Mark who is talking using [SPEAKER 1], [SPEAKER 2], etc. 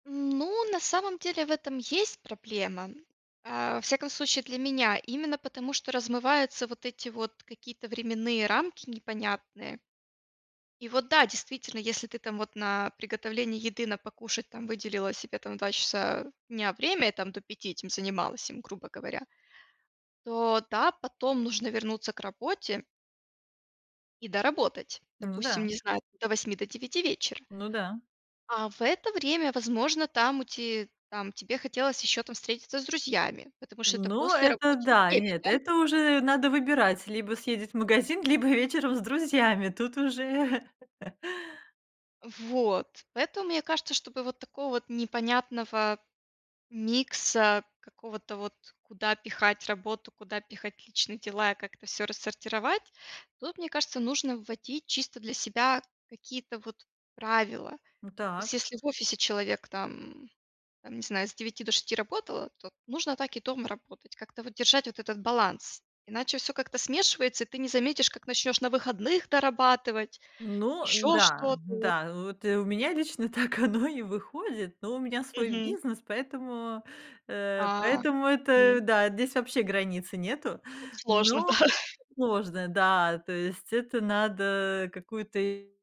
[SPEAKER 1] Ну, на самом деле в этом есть проблема. А, во всяком случае для меня, именно потому, что размываются вот эти вот какие-то временные рамки непонятные. И вот да, действительно, если ты там вот на приготовление еды, на покушать там выделила себе там 2 часа дня время и там до 5 этим занималась им, грубо говоря, то да, потом нужно вернуться к работе и доработать,
[SPEAKER 2] Ну
[SPEAKER 1] допустим,
[SPEAKER 2] да.
[SPEAKER 1] не знаю, до 8, до 9 вечера.
[SPEAKER 2] Ну да.
[SPEAKER 1] А в это время, возможно, там у ти там тебе хотелось еще там встретиться с друзьями, потому что это
[SPEAKER 2] Ну, это
[SPEAKER 1] послерабочее
[SPEAKER 2] да и
[SPEAKER 1] время,
[SPEAKER 2] нет.
[SPEAKER 1] да.
[SPEAKER 2] Это уже надо выбирать: либо съездить в магазин, либо вечером с друзьями, тут уже
[SPEAKER 1] Вот. Поэтому, мне кажется, чтобы вот такого вот непонятного микса, какого-то вот: куда пихать работу, куда пихать личные дела и как-то всё рассортировать, тут, мне кажется, нужно вводить чисто для себя какие-то вот правила. То
[SPEAKER 2] Ну,
[SPEAKER 1] есть
[SPEAKER 2] так.
[SPEAKER 1] если в офисе человек там, там, не знаю, с 9 до 6 работал, то нужно так и дома работать, как-то вот держать вот этот баланс, иначе всё как-то смешивается, и ты не заметишь, как начнешь на выходных дорабатывать,
[SPEAKER 2] Ну
[SPEAKER 1] еще
[SPEAKER 2] да,
[SPEAKER 1] что-то вот.
[SPEAKER 2] да, э, вот и у меня лично так оно и выходит, но у меня свой
[SPEAKER 1] Мгм.
[SPEAKER 2] бизнес, поэтому, э,
[SPEAKER 1] А,
[SPEAKER 2] поэтому это
[SPEAKER 1] м.
[SPEAKER 2] да, здесь вообще границы нету,
[SPEAKER 1] Тут сложно,
[SPEAKER 2] но
[SPEAKER 1] да.
[SPEAKER 2] сложно. Да, то есть это надо какую-то